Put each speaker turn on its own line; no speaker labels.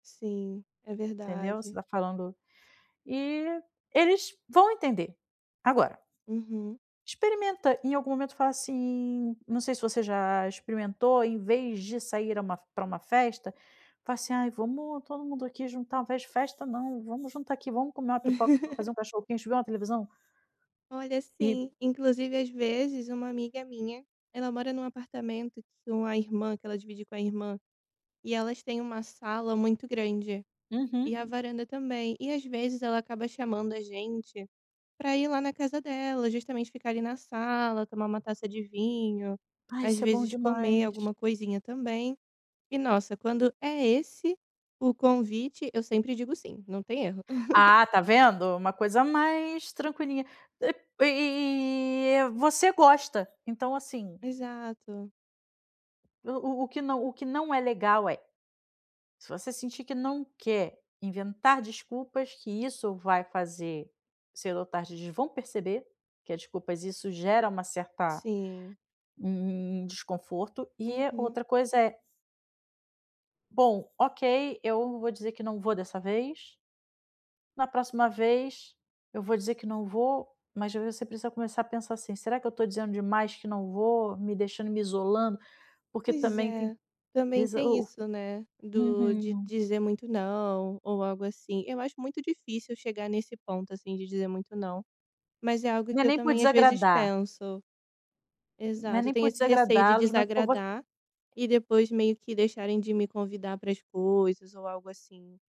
Sim. É
Entendeu? Você
verdade.
tá falando e eles vão entender. Agora
Uhum.
experimenta, em algum momento falar assim não sei se você já experimentou, em vez de sair a uma pra um festa, falar assim: "Ai, vamos todo mundo aqui juntar fe festa, não. Vamos juntar aqui, vamos comer uma pipoca, fazer um cachorro-quente e ver uma televisão".
Olha,
E
sim, inclusive, às vezes, uma amiga minha, ela mora num apartamento que uma irmã que ela divide com a irmã, e elas têm uma sala muito grande.
Uhum.
E a varanda também. E, às vezes, ela acaba chamando a gente pra ir lá na casa dela, justamente ficar ali na sala, tomar uma taça de vinho,
Ah,
às
isso é bom
vezes comer
demais.
alguma coisinha também. E nossa, quando é esse o convite, eu sempre digo sim. Não tem erro.
Ah, tá vendo? Uma coisa mais tranquilinha. E e e e você gosta. Então assim
Exato.
o o o que não o que não é legal é se você sentir que não quer inventar desculpas, que isso vai fazer cedo ou tarde, eles vão perceber que as desculpas isso gera uma certa
Sim.
um um um desconforto. E a
Uhum.
outra coisa é Bom, OK, eu vou dizer que não vou dessa vez "na próxima vez, eu vou dizer que não vou", mas aí você precisa começar a pensar assim: "Será que eu tô dizendo demais que não vou, me deixando, me isolando?", porque
Pois
também tem
é.
de
Também
iso
tem
o
isso, né.
o
Do de
uhum.
dizer muito não ou algo assim. Eu acho muito difícil chegar nesse ponto, assim, de dizer muito não. Mas é algo
Não
que
é
eu
nem por
também às vezes
desagradar.
penso.
Não é
Exato, eu
nem
tenho
por
esse receio de
desagradá-los, mas por voc
desagradar e depois meio que deixarem de me convidar para as coisas, ou algo assim.